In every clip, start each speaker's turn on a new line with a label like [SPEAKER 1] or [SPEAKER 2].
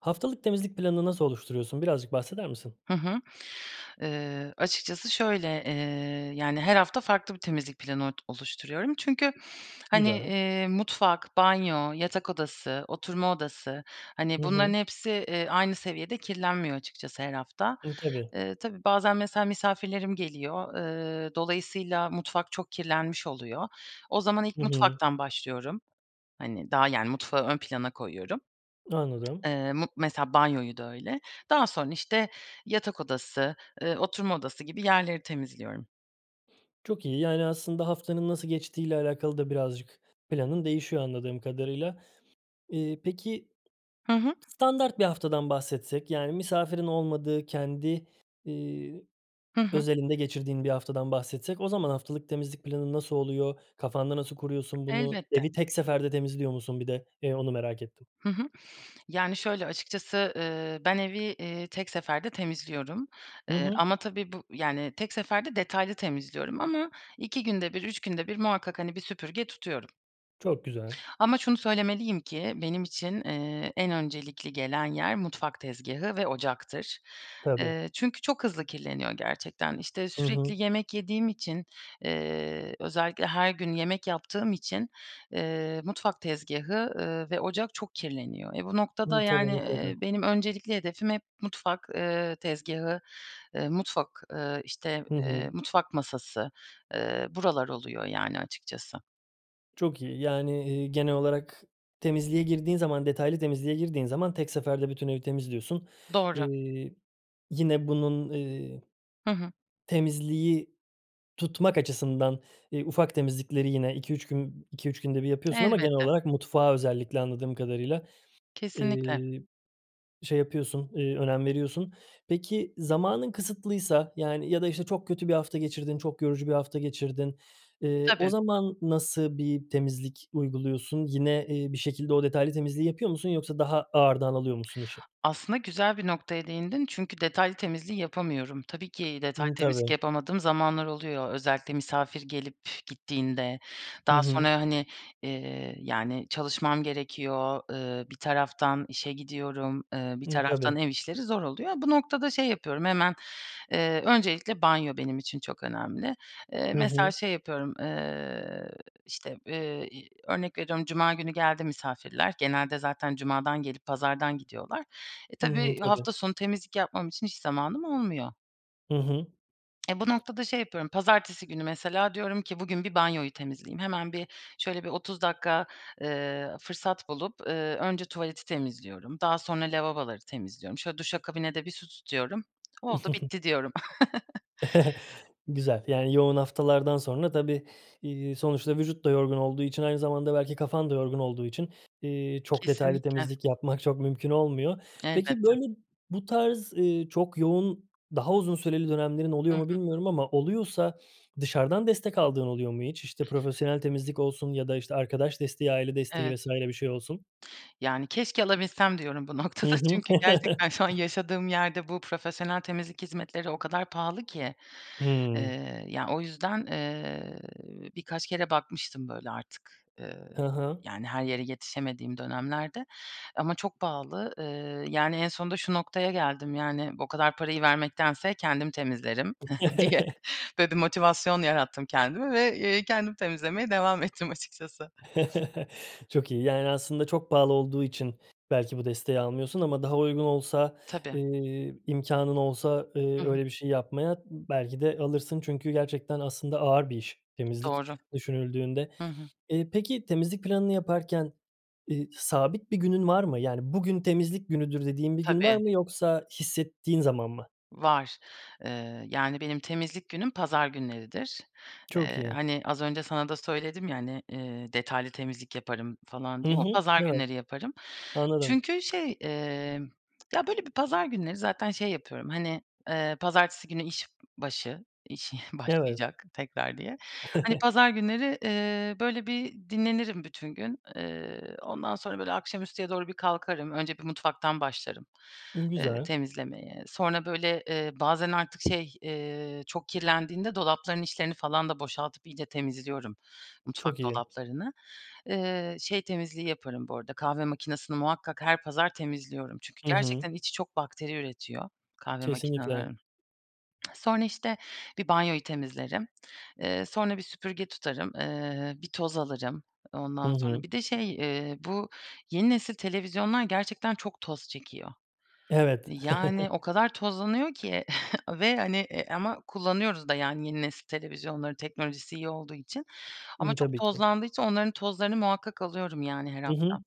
[SPEAKER 1] Haftalık temizlik planını nasıl oluşturuyorsun? Birazcık bahseder misin?
[SPEAKER 2] Hı hı, ııı, açıkçası şöyle, eee, yani, her hafta farklı bir temizlik planı ot oluşturuyorum. Çünkü, hani,
[SPEAKER 1] Güzel.
[SPEAKER 2] eee, mutfak, banyo, yatak odası, oturma odası, hani,
[SPEAKER 1] Hı hı.
[SPEAKER 2] bunların hepsi, eee, aynı seviyede kirlenmiyor açıkçası her hafta,
[SPEAKER 1] Hıı, tabii.
[SPEAKER 2] eee, tabii bazen mesela misafirlerim geliyor, ııı, dolayısıyla mutfak çok kirlenmiş oluyor. O zaman ilk
[SPEAKER 1] Hı hı.
[SPEAKER 2] mutfaktan başlıyorum. Hani, daha, yani, mutfağı ön plana koyuyorum.
[SPEAKER 1] Anladım.
[SPEAKER 2] Iıı, mut mesela banyoyu da öyle. Daha sonra işte yatak odası, ııı, oturma odası gibi yerleri temizliyorum.
[SPEAKER 1] Çok iyi, yani, aslında haftanın nasıl geçtiğiyle alakalı da birazcık planın değişiyor anladığım kadarıyla. İii, peki.
[SPEAKER 2] Hı hı.
[SPEAKER 1] Standart 1 haftadan bahsetsek, yani, misafirin olmadığı, kendi, iii,
[SPEAKER 2] Hı hı.
[SPEAKER 1] özelinde geçirdiğin 1 haftadan bahsetsek o zaman haftalık temizlik planın nasıl oluyor? Kafanda nasıl kuruyorsun bunu?
[SPEAKER 2] Elbette.
[SPEAKER 1] Evi tek seferde temizliyor musun bir de? Eee, onu merak ettim.
[SPEAKER 2] Hı hı, yani, şöyle açıkçası, ııı, ben evi, eee, tek seferde temizliyorum.
[SPEAKER 1] Hı
[SPEAKER 2] Eee,
[SPEAKER 1] hı.
[SPEAKER 2] ama tabii bu, yani, tek seferde detaylı temizliyorum ama 2 günde 1, 3 günde 1 muhakkak, hani, bir süpürge tutuyorum.
[SPEAKER 1] Çok güzel.
[SPEAKER 2] Ama şunu söylemeliyim ki, benim için, eee, en öncelikli gelen yer mutfak tezgâhı ve ocaktır.
[SPEAKER 1] Tabii.
[SPEAKER 2] Eee, çünkü çok hızlı kirleniyor gerçekten. İşte
[SPEAKER 1] Hı hı.
[SPEAKER 2] sürekli yemek yediğim için, ııı, özellikle her gün yemek yaptığım için, ııı, mutfak tezgâhı, ııı, ve ocak çok kirleniyor. Eee, bu noktada,
[SPEAKER 1] İyi, tabii,
[SPEAKER 2] yani, eee,
[SPEAKER 1] mutlaka.
[SPEAKER 2] benim öncelikli hedefim hep mutfak, ııı, tezgâhı, ııı, mutfak, ııı, işte,
[SPEAKER 1] Hı
[SPEAKER 2] eee,
[SPEAKER 1] hı.
[SPEAKER 2] mutfak masası, ııı, buralar oluyor yani, açıkçası.
[SPEAKER 1] Çok iyi. Yani, iii, genel olarak temizliğe girdiğin zaman, detaylı temizliğe girdiğin zaman tek seferde bütün evi temizliyorsun,
[SPEAKER 2] Doğru.
[SPEAKER 1] iii, yine bunun, ııı,
[SPEAKER 2] Hı hı.
[SPEAKER 1] temizliği tutmak açısından, ııı, ufak temizlikleri yine 2-3 gün 2-3 günde bir yapıyorsun ama genel
[SPEAKER 2] Elbette.
[SPEAKER 1] olarak mutfağı özellikle anladığım kadarıyla,
[SPEAKER 2] Kesinlikle.
[SPEAKER 1] ııı, şey yapıyorsun, ııı, önem veriyorsun. Peki, zamanın kısıtlıysa, yani, ya da işte çok kötü bir hafta geçirdin, çok yorucu bir hafta geçirdin, ııı, o
[SPEAKER 2] Tabii.
[SPEAKER 1] zaman nasıl bir temizlik uyguluyorsun? Yine, eee, bir şekilde o detaylı temizliği yapıyor musun yoksa daha ağırdan alıyor musun işi?
[SPEAKER 2] Aslında güzel bir noktaya değindin, çünkü detaylı temizliği yapamıyorum. Tabii ki detaylı
[SPEAKER 1] Hıı,
[SPEAKER 2] temizlik
[SPEAKER 1] tabii.
[SPEAKER 2] yapamadığım zamanlar oluyor, özellikle misafir gelip gittiğinde.
[SPEAKER 1] Hı
[SPEAKER 2] Daha
[SPEAKER 1] hı.
[SPEAKER 2] sonra, hani, eee, yani, çalışmam gerekiyor, ııı, bir taraftan işe gidiyorum, ııı, bir
[SPEAKER 1] Hıı,
[SPEAKER 2] taraftan
[SPEAKER 1] tabii.
[SPEAKER 2] ev işleri zor oluyor. Bu noktada şey yapıyorum hemen, eee, öncelikle banyo benim için çok önemli. Eee,
[SPEAKER 1] Hı
[SPEAKER 2] mesela
[SPEAKER 1] hı.
[SPEAKER 2] şey yapıyorum, ııı, işte, eee, i örnek veriyorum cuma günü geldi misafirler, genelde zaten cumadan gelip pazardan gidiyorlar. Eee,
[SPEAKER 1] Hı hı,
[SPEAKER 2] tabii
[SPEAKER 1] tabii.
[SPEAKER 2] hafta sonu temizlik yapmam için hiç zamanım olmuyor.
[SPEAKER 1] Hı hı.
[SPEAKER 2] Eee, bu noktada şey yapıyorum, pazartesi günü mesela diyorum ki "Bugün bir banyoyu temizleyeyim." Hemen bir şöyle bir 30 dakika, ııı, fırsat bulup, ııı, önce tuvaleti temizliyorum. Daha sonra lavaboları temizliyorum. Şöyle duşa kabine de bir su tutuyorum. "Oldu bitti" diyorum.
[SPEAKER 1] Güzel, yani, yoğun haftalardan sonra tabii, ııı, sonuçta vücut da yorgun olduğu için, aynı zamanda belki kafan da yorgun olduğu için, iii, çok detaylı
[SPEAKER 2] Kesinlikle.
[SPEAKER 1] temizlik yapmak çok mümkün olmuyor. Peki,
[SPEAKER 2] Elbette.
[SPEAKER 1] böyle bu tarz, ııı, çok yoğun, daha uzun süreli dönemlerin
[SPEAKER 2] Hı
[SPEAKER 1] oluyor mu
[SPEAKER 2] hı.
[SPEAKER 1] bilmiyorum ama oluyorsa dışarıdan destek aldığın oluyor mu hiç? İşte, profesyonel temizlik olsun ya da, işte, arkadaş desteği, aile desteği
[SPEAKER 2] Evet.
[SPEAKER 1] vs. bir şey olsun.
[SPEAKER 2] Yani, keşke alabilsem diyorum bu
[SPEAKER 1] Hı
[SPEAKER 2] noktada.
[SPEAKER 1] hı.
[SPEAKER 2] Çünkü gerçekten şu an yaşadığım yerde bu profesyonel temizlik hizmetleri o kadar pahalı ki.
[SPEAKER 1] Hımm.
[SPEAKER 2] Eee, ya, o yüzden, ııı, birkaç kere bakmıştım böyle artık,
[SPEAKER 1] Ha
[SPEAKER 2] ııı,
[SPEAKER 1] ha.
[SPEAKER 2] yani, her yere yetişemediğim dönemlerde. Ama çok pahalı, ııı, yani, en sonunda şu noktaya geldim, yani, o kadar parayı vermektense kendim temizlerim diye. Böyle bir motivasyon yarattım kendime ve, eee, kendim temizlemeye devam ettim açıkçası.
[SPEAKER 1] Çok iyi, yani, aslında çok pahalı olduğu için belki bu desteği almıyorsun ama daha uygun olsa,
[SPEAKER 2] Tabii.
[SPEAKER 1] eee, imkânın olsa,
[SPEAKER 2] Hı
[SPEAKER 1] ııı,
[SPEAKER 2] hı.
[SPEAKER 1] öyle bir şey yapmaya belki de alırsın. Çünkü gerçekten aslında ağır bir iş temizlik,
[SPEAKER 2] Doğru.
[SPEAKER 1] düşünüldüğünde.
[SPEAKER 2] Hı hı.
[SPEAKER 1] Eee, peki temizlik planını yaparken, ııı, sabit bir günün var mı? Yani, bugün temizlik günüdür dediğin bir gün var
[SPEAKER 2] Tabii.
[SPEAKER 1] mı yoksa hissettiğin zaman mı?
[SPEAKER 2] Var, ııı, yani, benim temizlik günüm pazar günleridir.
[SPEAKER 1] Çok
[SPEAKER 2] Iıı,
[SPEAKER 1] iyi.
[SPEAKER 2] hani, az önce sana da söyledim, ya, hani, eee, detaylı temizlik yaparım falan
[SPEAKER 1] Hı
[SPEAKER 2] diye, o
[SPEAKER 1] hı,
[SPEAKER 2] pazar
[SPEAKER 1] evet.
[SPEAKER 2] günleri yaparım.
[SPEAKER 1] Anladım.
[SPEAKER 2] Çünkü, şey, emm, ya, böyle bir pazar günleri zaten şey yapıyorum. Hani, eee, pazartesi günü işbaşı iş
[SPEAKER 1] Evet.
[SPEAKER 2] başlayacak tekrar diye. Hani, pazar günleri, ııı, böyle bir dinlenirim bütün gün, ııı, ondan sonra böyle akşamüstüye doğru bir kalkarım, önce bir mutfaktan başlarım,
[SPEAKER 1] Imm,
[SPEAKER 2] ııı,
[SPEAKER 1] güzel.
[SPEAKER 2] temizlemeye. Sonra böyle, eee, bazen artık şey, eee, çok kirlendiğinde dolapların içlerini falan da boşaltıp iyice temizliyorum mutfak
[SPEAKER 1] Çok iyi.
[SPEAKER 2] dolaplarını. Iıı, şey temizliği yaparım bu arada, kahve makinesini muhakkak her pazar temizliyorum. Çünkü
[SPEAKER 1] Hı hı.
[SPEAKER 2] gerçekten içi çok bakteri üretiyor kahve
[SPEAKER 1] Kesinlikle.
[SPEAKER 2] makinelerin. Sonra işte bir banyoyu temizlerim, eee, sonra bir süpürge tutarım, ııı, bir toz alırım,
[SPEAKER 1] Hı
[SPEAKER 2] ondan sonra
[SPEAKER 1] hı.
[SPEAKER 2] bir de şey, eee, bu yeni nesil televizyonlar gerçekten çok toz çekiyor.
[SPEAKER 1] Evet.
[SPEAKER 2] Yani, o kadar tozlanıyor ki ve, hani, eee, ama kullanıyoruz da, yani, yeni nesil televizyonları teknolojisi iyi olduğu için. Ama
[SPEAKER 1] Imm,
[SPEAKER 2] çok
[SPEAKER 1] tabii ki.
[SPEAKER 2] tozlandığı için onların tozlarını muhakkak alıyorum, yani, her
[SPEAKER 1] Hı hı.
[SPEAKER 2] hafta.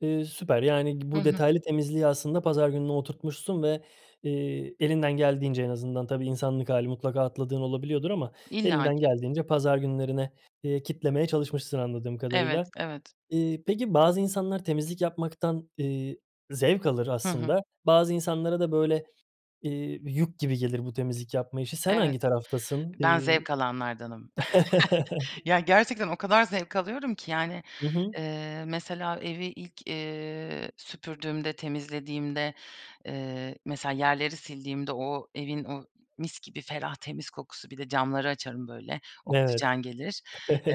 [SPEAKER 1] Iıı, süper, yani,
[SPEAKER 2] Hı
[SPEAKER 1] bu
[SPEAKER 2] hı.
[SPEAKER 1] detaylı temizliği aslında pazar gününe oturtmuşsun ve, eee, elinden geldiğince en azından tabii insanlık hâli mutlaka atladığın olabiliyordur ama elinden
[SPEAKER 2] İllaki.
[SPEAKER 1] geldiğince pazar günlerine, eee, kitlemeye çalışmışsın anladığım
[SPEAKER 2] Evet,
[SPEAKER 1] kadarıyla.
[SPEAKER 2] evet.
[SPEAKER 1] Iıı, peki bazı insanlar temizlik yapmaktan, ııı, zevk alır
[SPEAKER 2] Hı hı.
[SPEAKER 1] aslında. Bazı insanlara da böyle, ııı, yük gibi gelir bu temizlik yapma işi. Sen
[SPEAKER 2] Evet.
[SPEAKER 1] hangi taraftasın,
[SPEAKER 2] Ben
[SPEAKER 1] ııı
[SPEAKER 2] zevk alanlardanım. Ya, gerçekten o kadar zevk alıyorum ki, yani,
[SPEAKER 1] Hı hı.
[SPEAKER 2] ııı, mesela evi ilk, iii, süpürdüğümde, temizlediğimde, iii, mesela yerleri sildiğimde o evin o mis gibi ferah temiz kokusu, bir de camları açarım böyle
[SPEAKER 1] Evet.
[SPEAKER 2] oksijen gelir.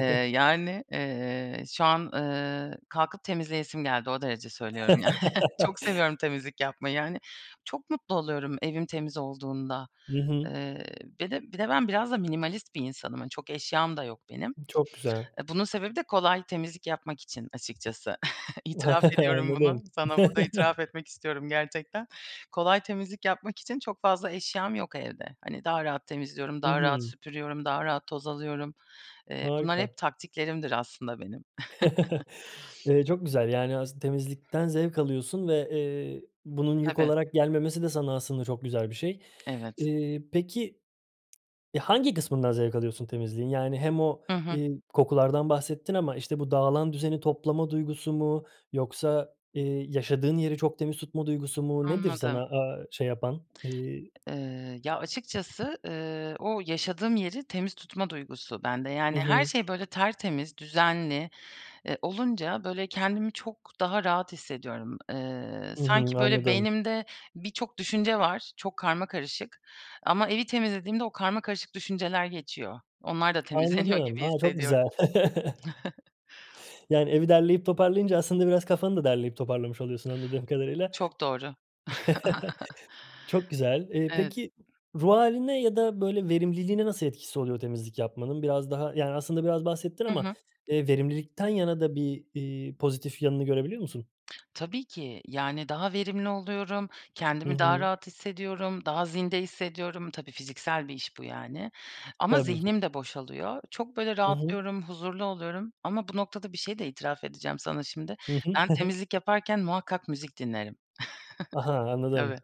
[SPEAKER 2] Iıı, yani, ııı, şu an, ııı, kalkıp temizleyesim geldi, o derece söylüyorum yani. Çok seviyorum temizlik yapmayı, hani. Çok mutlu oluyorum evim temiz olduğunda.
[SPEAKER 1] Hı hı.
[SPEAKER 2] Iıı, bir de bir de ben biraz da minimalist bir insanım. Hani, çok eşyam da yok benim.
[SPEAKER 1] Çok güzel.
[SPEAKER 2] Iıı, bunun sebebi de kolay temizlik yapmak için açıkçası. İtiraf ediyorum bunu,
[SPEAKER 1] Anladım.
[SPEAKER 2] sana burada itiraf etmek istiyorum gerçekten. Kolay temizlik yapmak için çok fazla eşyam yok evde. Hani, daha rahat temizliyorum,
[SPEAKER 1] Hı
[SPEAKER 2] daha rahat
[SPEAKER 1] hı.
[SPEAKER 2] süpürüyorum, daha rahat toz alıyorum. Iıı, bunlar
[SPEAKER 1] Harika.
[SPEAKER 2] hep taktiklerimdir aslında benim.
[SPEAKER 1] Eee, çok güzel, yani, as temizlikten zevk alıyorsun ve, eee, bunun yük
[SPEAKER 2] Tabii.
[SPEAKER 1] olarak gelmemesi de sana aslında çok güzel bir şey,
[SPEAKER 2] Evet.
[SPEAKER 1] eee, peki hangi kısmından zevk alıyorsun temizliğin? Yani hem o,
[SPEAKER 2] Hı hı.
[SPEAKER 1] iii, kokulardan bahsettin ama işte bu dağılan düzeni toplama duygusu mu yoksa, ııı, yaşadığın yeri çok temiz tutma duygusu mu? Nedir
[SPEAKER 2] Anladım.
[SPEAKER 1] sana, aaa, şey yapan ııı?
[SPEAKER 2] Iıı, ya açıkçası, ııı, o yaşadığım yeri temiz tutma duygusu bende. Yani,
[SPEAKER 1] I
[SPEAKER 2] her
[SPEAKER 1] hı.
[SPEAKER 2] şey böyle tertemiz, düzenli, ııı, olunca böyle kendimi çok daha rahat hissediyorum. Eee,
[SPEAKER 1] Hı hı,
[SPEAKER 2] sanki böyle
[SPEAKER 1] anladım.
[SPEAKER 2] beynimde birçok düşünce var, çok karmakarışık ama evi temizlediğimde o karmakarışık düşünceler geçiyor. Onlar da temizleniyor
[SPEAKER 1] Anladım.
[SPEAKER 2] gibi
[SPEAKER 1] Ha, çok
[SPEAKER 2] hissediyorum.
[SPEAKER 1] güzel. Yani, evi derleyip toparlayınca aslında biraz kafanı da derleyip toparlamış oluyorsun anladığım kadarıyla.
[SPEAKER 2] Çok doğru.
[SPEAKER 1] Çok güzel, ııı,
[SPEAKER 2] Evet.
[SPEAKER 1] peki, ruh hâline ya da böyle verimliliğine nasıl etkisi oluyor temizlik yapmanın? Biraz daha yani aslında biraz bahsettin
[SPEAKER 2] Hı
[SPEAKER 1] ama,
[SPEAKER 2] hı.
[SPEAKER 1] ııı, verimlilikten yana da bir, ııı, pozitif yanını görebiliyor musun?
[SPEAKER 2] Tabii ki, yani, daha verimli oluyorum,
[SPEAKER 1] Hı
[SPEAKER 2] kendimi daha
[SPEAKER 1] hı.
[SPEAKER 2] rahat hissediyorum, daha zinde hissediyorum. Tabii fiziksel bir iş bu yani. Ama
[SPEAKER 1] Tabii ki.
[SPEAKER 2] zihnim de boşalıyor. Çok, böyle,
[SPEAKER 1] Hı hı.
[SPEAKER 2] rahatlıyorum, huzurlu oluyorum. Ama bu noktada bir şeyi de itiraf edeceğim sana şimdi.
[SPEAKER 1] Hı hı.
[SPEAKER 2] Ben temizlik yaparken muhakkak müzik dinlerim.
[SPEAKER 1] Aha, anladım.
[SPEAKER 2] Tabii.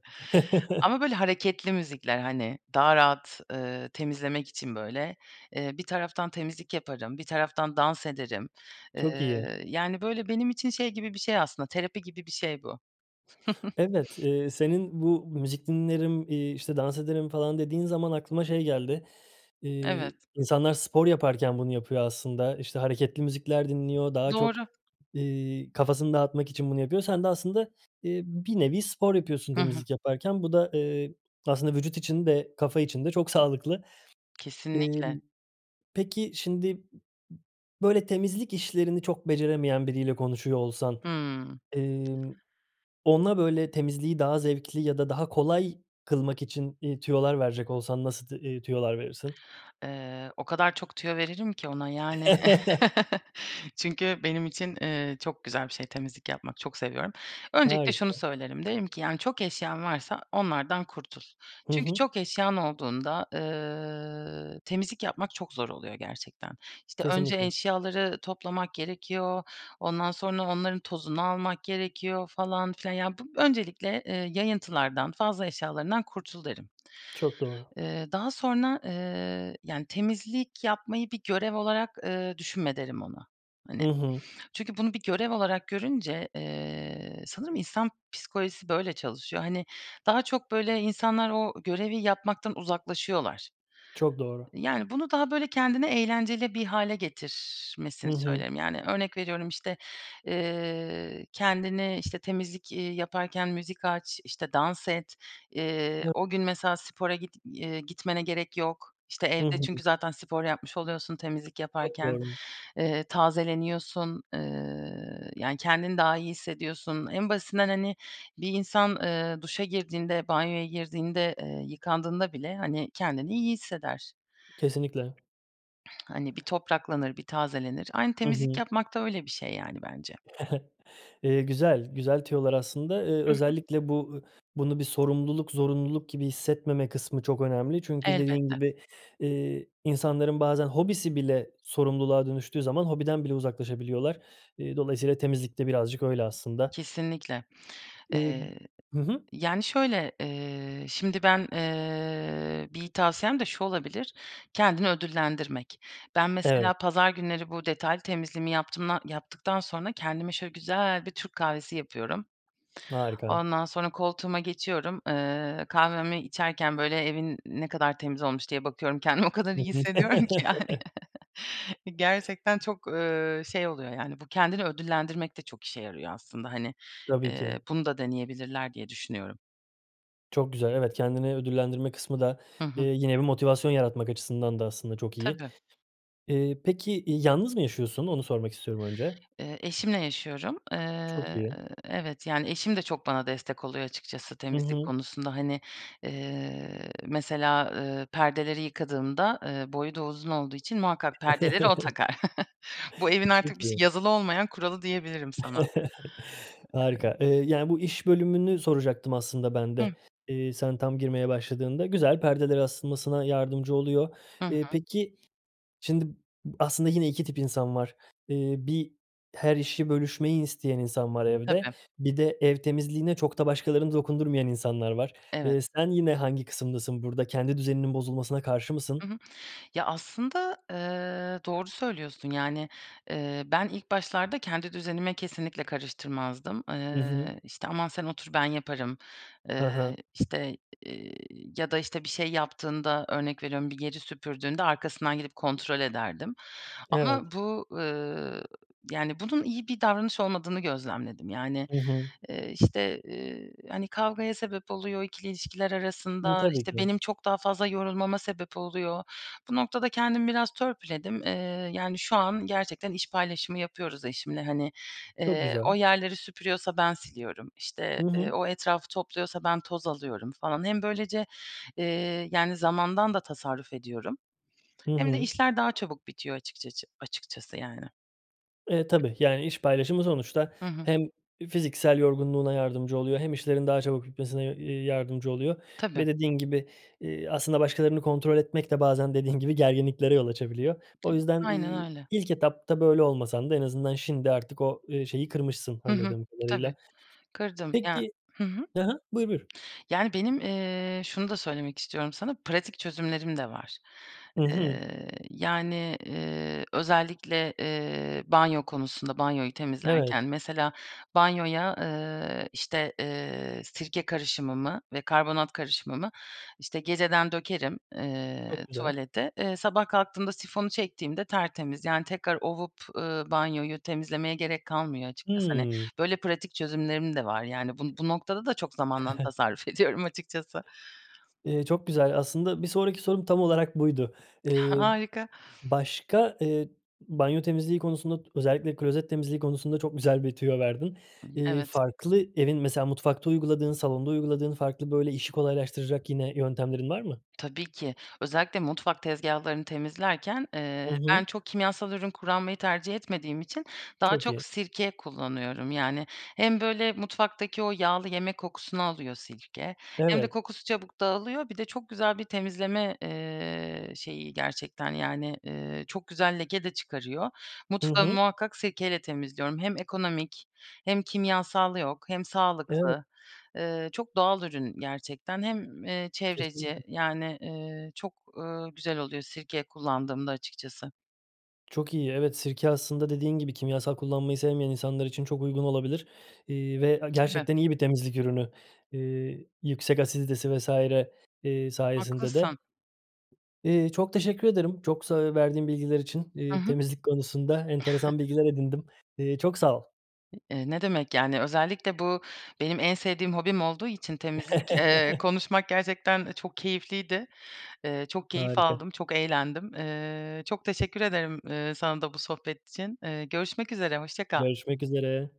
[SPEAKER 2] Ama böyle hareketli müzikler, hani, daha rahat, ııı, temizlemek için böyle, ııı, bir taraftan temizlik yaparım, bir taraftan dans ederim.
[SPEAKER 1] Çok iyi.
[SPEAKER 2] Iıı, yani, böyle benim için şey gibi bir şey aslında terapi gibi bir şey bu.
[SPEAKER 1] Evet, ııı, senin bu müzik dinlerim, iii, işte dans ederim falan dediğin zaman aklıma şey geldi, iii,
[SPEAKER 2] Evet.
[SPEAKER 1] insanlar spor yaparken bunu yapıyor aslında. İşte hareketli müzikler dinliyor, daha çok,
[SPEAKER 2] Doğru.
[SPEAKER 1] ııı, kafasını dağıtmak için bunu yapıyor. Sen de aslında, ııı, bir nevi spor yapıyorsun
[SPEAKER 2] Hı hı.
[SPEAKER 1] temizlik yaparken. Bu da, ııı, aslında vücut için de kafa için de çok sağlıklı.
[SPEAKER 2] Kesinlikle.
[SPEAKER 1] Imm, peki şimdi, böyle, temizlik işlerini çok beceremeyen biriyle konuşuyor olsan,
[SPEAKER 2] Hımm.
[SPEAKER 1] ımm, ona, böyle, temizliği daha zevkli ya da daha kolay kılmak için, ııı, tüyolar verecek olsan nasıl t eee, tüyolar verirsin?
[SPEAKER 2] Iıı, o kadar çok tüyo veririm ki ona, yani. Çünkü benim için, ııı, çok güzel bir şey temizlik yapmak. Çok seviyorum. Öncelikle şunu
[SPEAKER 1] Harika.
[SPEAKER 2] söylerim. Derim ki, yani, çok eşyan varsa onlardan kurtul.
[SPEAKER 1] Hı
[SPEAKER 2] Çünkü
[SPEAKER 1] hı.
[SPEAKER 2] çok eşyan olduğunda, ııı, temizlik yapmak çok zor oluyor gerçekten. İşte, önce
[SPEAKER 1] Kesinlikle.
[SPEAKER 2] eşyaları toplamak gerekiyor, ondan sonra onların tozunu almak gerekiyor falan filan. Ya bu öncelikle, ııı, yayıntılardan, fazla eşyalarından kurtul derim.
[SPEAKER 1] Çok doğru.
[SPEAKER 2] Iıı, daha sonra, ııı, yani temizlik yapmayı bir görev olarak, ııı, düşünme derim ona. Hani,
[SPEAKER 1] Hı hı.
[SPEAKER 2] çünkü bunu bir görev olarak görünce, ııı, sanırım insan psikolojisi böyle çalışıyor. Hani, daha çok böyle insanlar o görevi yapmaktan uzaklaşıyorlar.
[SPEAKER 1] Çok doğru.
[SPEAKER 2] Yani, bunu daha böyle kendine eğlenceli bir hâle
[SPEAKER 1] Hı
[SPEAKER 2] getirmesini
[SPEAKER 1] hı.
[SPEAKER 2] söylerim. Yani, örnek veriyorum işte, eee, kendini işte temizlik, iii, yaparken müzik aç, işte dans et, iii,
[SPEAKER 1] [unintelligible]
[SPEAKER 2] o gün mesela spora git, eee, gitmene gerek yok. İşte
[SPEAKER 1] Hı
[SPEAKER 2] evde
[SPEAKER 1] hı.
[SPEAKER 2] çünkü zaten spor yapmış oluyorsun temizlik
[SPEAKER 1] Çok
[SPEAKER 2] yaparken,
[SPEAKER 1] doğru.
[SPEAKER 2] ııı, tazeleniyorsun, ııı, yani, kendini daha iyi hissediyorsun. En basitinden hani bir insan, ııı, duşa girdiğinde, banyoya girdiğinde, ııı, yıkandığında bile, hani, kendini iyi hisseder.
[SPEAKER 1] Kesinlikle.
[SPEAKER 2] Hani, bir topraklanır, bir tazelenir. Aynı
[SPEAKER 1] Hı
[SPEAKER 2] temizlik
[SPEAKER 1] hı.
[SPEAKER 2] yapmak da öyle bir şey yani bence.
[SPEAKER 1] Eee, güzel, güzel tüyolar aslında. Eee,
[SPEAKER 2] I hı.
[SPEAKER 1] özellikle bu bunu bir sorumluluk, zorunluluk gibi hissetmeme kısmı çok önemli. Çünkü dediğin
[SPEAKER 2] Elbette.
[SPEAKER 1] gibi, eee, insanların bazen hobisi bile sorumluluğa dönüştüğü zaman hobiden bile uzaklaşabiliyorlar. Eee, dolayısıyla temizlik de birazcık öyle aslında.
[SPEAKER 2] Kesinlikle.
[SPEAKER 1] Eee,
[SPEAKER 2] Eee,
[SPEAKER 1] hı hı.
[SPEAKER 2] yani şöyle, eee, şimdi ben, eee, bir tavsiyem de şu olabilir: Kendini ödüllendirmek. Ben
[SPEAKER 1] Evet.
[SPEAKER 2] mesela pazar günleri bu detaylı temizliğimi yaptımda yaptıktan sonra kendime şöyle güzel bir Türk kahvesi yapıyorum.
[SPEAKER 1] Harika.
[SPEAKER 2] Ondan sonra koltuğuma geçiyorum, ııı, kahvemi içerken böyle evin ne kadar temiz olmuş diye bakıyorum kendimi o kadar
[SPEAKER 1] Hı
[SPEAKER 2] iyi
[SPEAKER 1] hı.
[SPEAKER 2] hissediyorum ki, yani. Gerçekten çok, ııı, şey oluyor, yani, bu kendini ödüllendirmek de çok işe yarıyor aslında. Hani,
[SPEAKER 1] Tabii
[SPEAKER 2] eee,
[SPEAKER 1] ki.
[SPEAKER 2] bunu da deneyebilirler diye düşünüyorum.
[SPEAKER 1] Çok güzel. Evet, kendini ödüllendirme kısmı da,
[SPEAKER 2] Hı hı.
[SPEAKER 1] ııı, yine bir motivasyon yaratmak açısından da aslında çok iyi.
[SPEAKER 2] Tabii.
[SPEAKER 1] Iıı, peki, yalnız mı yaşıyorsun? Onu sormak istiyorum önce.
[SPEAKER 2] Iıı, eşimle yaşıyorum,
[SPEAKER 1] Çok
[SPEAKER 2] ııı,
[SPEAKER 1] iyi.
[SPEAKER 2] evet, yani eşim de çok bana destek oluyor açıkçası
[SPEAKER 1] Hı
[SPEAKER 2] temizlik
[SPEAKER 1] hı.
[SPEAKER 2] konusunda. Hani, ııı, mesela, ııı, perdeleri yıkadığımda, ııı, boyu da uzun olduğu için muhakkak perdeleri o takar. Bu evin artık
[SPEAKER 1] Çok
[SPEAKER 2] bir
[SPEAKER 1] iyi.
[SPEAKER 2] şey yazılı olmayan kuralı diyebilirim sana.
[SPEAKER 1] Harika, eee, yani, bu iş bölümünü soracaktım aslında ben
[SPEAKER 2] Hıh.
[SPEAKER 1] de, eee, sen tam girmeye başladığında. Güzel, perdelere asılmasına yardımcı oluyor.
[SPEAKER 2] Hı
[SPEAKER 1] Eee,
[SPEAKER 2] hı.
[SPEAKER 1] peki şimdi aslında yine 2 tip insan var, ııı 1 her işi bölüşmeyi isteyen insan var evde,
[SPEAKER 2] Tabii.
[SPEAKER 1] 1 de ev temizliğine çok da başkaları dokundurmayan insanlar var, ııı,
[SPEAKER 2] Evet.
[SPEAKER 1] sen yine hangi kısımdasın burada? Kendi düzeninin bozulmasına karşı
[SPEAKER 2] Hı
[SPEAKER 1] mısın?
[SPEAKER 2] hı. Ya, aslında, ııı, doğru söylüyorsun. Yani, eee, ben ilk başlarda kendi düzenime kesinlikle karıştırmazdım. Iıı,
[SPEAKER 1] I hı.
[SPEAKER 2] işte aman sen otur ben yaparım, ııı,
[SPEAKER 1] Ha ha.
[SPEAKER 2] işte, iii, ya da işte bir şey yaptığında örnek veriyorum bir yeri süpürdüğünde arkasından gidip kontrol ederdim.
[SPEAKER 1] Evet.
[SPEAKER 2] Ama bu, ııı, yani, bunun iyi bir davranış olmadığını gözlemledim. Yani,
[SPEAKER 1] Hı hı.
[SPEAKER 2] ııı, işte, hani, kavgaya sebep oluyor 2'li ilişkiler
[SPEAKER 1] Imm,
[SPEAKER 2] arasında,
[SPEAKER 1] tabii
[SPEAKER 2] işte,
[SPEAKER 1] ki.
[SPEAKER 2] benim çok daha fazla yorulmama sebep oluyor. Bu noktada kendimi biraz törpüledim, eee, yani, şu an gerçekten iş paylaşımı yapıyoruz eşimle, hani,
[SPEAKER 1] Çok
[SPEAKER 2] ııı, o
[SPEAKER 1] güzel.
[SPEAKER 2] yerleri süpürüyorsa ben siliyorum,
[SPEAKER 1] Hı
[SPEAKER 2] işte,
[SPEAKER 1] hı.
[SPEAKER 2] eee, o etrafı topluyorsa ben toz alıyorum falan. Hem böylece, eee, yani, zamandan da tasarruf ediyorum,
[SPEAKER 1] Hı
[SPEAKER 2] hem de
[SPEAKER 1] hı.
[SPEAKER 2] işler daha çabuk bitiyor açıkçaçı açıkçası, yani.
[SPEAKER 1] Eee, tabii, yani, iş paylaşımı sonuçta
[SPEAKER 2] Hı hı.
[SPEAKER 1] hem fiziksel yorgunluğuna yardımcı oluyor hem işlerin daha çabuk bitmesine, eee, yardımcı oluyor
[SPEAKER 2] Tabii.
[SPEAKER 1] ve dediğin gibi, eee, aslında başkalarını kontrol etmek de bazen dediğin gibi gerginliklere yol açabiliyor. O
[SPEAKER 2] [unintelligible]
[SPEAKER 1] yüzden,
[SPEAKER 2] Aynen
[SPEAKER 1] ııı,
[SPEAKER 2] öyle.
[SPEAKER 1] ilk etapta böyle olmasan da en azından şimdi artık o, ııı, şeyi kırmışsın
[SPEAKER 2] Hı hı.
[SPEAKER 1] anladığım kadarıyla.
[SPEAKER 2] Tabii. Kırdım ya
[SPEAKER 1] Peki
[SPEAKER 2] Hı hı.
[SPEAKER 1] Hı hı. Buyur, buyur.
[SPEAKER 2] Yani, benim, eee, şunu da söylemek istiyorum sana, pratik çözümlerim de var.
[SPEAKER 1] Hı hı.
[SPEAKER 2] Eee, yani, eee, özellikle, eee, banyo konusunda banyoyu temizlerken,
[SPEAKER 1] Evet.
[SPEAKER 2] mesela banyoya, eee, işte, eee, sirke karışımımı ve karbonat karışımımı, işte, geceden dökerim, eee,
[SPEAKER 1] Çok güzel.
[SPEAKER 2] tuvalete, eee, sabah kalktığımda sifonu çektiğimde tertemiz, yani, tekrar ovup, ııı, banyoyu temizlemeye gerek kalmıyor açıkçası. Hani,
[SPEAKER 1] Hımm.
[SPEAKER 2] böyle pratik çözümlerim de var, yani. Bu bu noktada da çok zamandan tasarruf ediyorum açıkçası.
[SPEAKER 1] Iıı, çok güzel. Aslında bir sonraki sorum tam olarak buydu, ııı,
[SPEAKER 2] Harika.
[SPEAKER 1] başka, ııı, banyo temizliği konusunda, özellikle klozet temizliği konusunda çok güzel bir tüyo verdin,
[SPEAKER 2] Imm,
[SPEAKER 1] ııı,
[SPEAKER 2] evet.
[SPEAKER 1] farklı evin mesela mutfakta uyguladığın, salonda uyguladığın farklı, böyle, işi kolaylaştıracak yine yöntemlerin var mı?
[SPEAKER 2] Tabii ki. Özellikle mutfak tezgahlarını temizlerken,
[SPEAKER 1] Hı
[SPEAKER 2] ııı, ben
[SPEAKER 1] hı.
[SPEAKER 2] çok kimyasal ürün kullanmayı tercih etmediğim için daha
[SPEAKER 1] Çok
[SPEAKER 2] çok
[SPEAKER 1] iyi.
[SPEAKER 2] sirke kullanıyorum. Yani, hem böyle mutfaktaki o yağlı yemek kokusunu alıyor sirke, hem de
[SPEAKER 1] Evet.
[SPEAKER 2] kokusu çabuk dağılıyor. Bir de çok güzel bir temizleme, eee, şeyi gerçekten, yani, ııı, çok güzel leke de çıkarıyor.
[SPEAKER 1] Hı
[SPEAKER 2] Mutfağımı
[SPEAKER 1] hı.
[SPEAKER 2] muhakkak sirke ile temizliyorum. Hem ekonomik hem kimyasal yok hem
[SPEAKER 1] Evet.
[SPEAKER 2] sağlıklı. Iıı, çok doğal ürün gerçekten. Hem, eee, çevreci,
[SPEAKER 1] Kesinlikle.
[SPEAKER 2] yani, eee, çok, ııı, güzel oluyor sirke kullandığımda açıkçası.
[SPEAKER 1] Çok iyi. Evet, sirke aslında dediğin gibi kimyasal kullanmayı sevmeyen insanlar için çok uygun olabilir, iii, ve
[SPEAKER 2] Tabii.
[SPEAKER 1] gerçekten iyi bir temizlik ürünü, ııı, yüksek asiditesi vs. ııı, sayesinde de.
[SPEAKER 2] Haklısın.
[SPEAKER 1] Iıı, çok teşekkür ederim. Çok sa verdiğin bilgiler için,
[SPEAKER 2] Hı
[SPEAKER 1] iii,
[SPEAKER 2] hı.
[SPEAKER 1] temizlik konusunda enteresan bilgiler edindim, iii, çok sağ ol.
[SPEAKER 2] Eee, ne demek, yani, özellikle bu benim en sevdiğim hobim olduğu için temizlik, eee, konuşmak gerçekten çok keyifliydi. Eee, çok keyif
[SPEAKER 1] Harika.
[SPEAKER 2] aldım, çok eğlendim, eee. Çok teşekkür ederim, eee, sana da bu sohbet için, eee. Görüşmek üzere, hoşça kal.
[SPEAKER 1] Görüşmek üzere.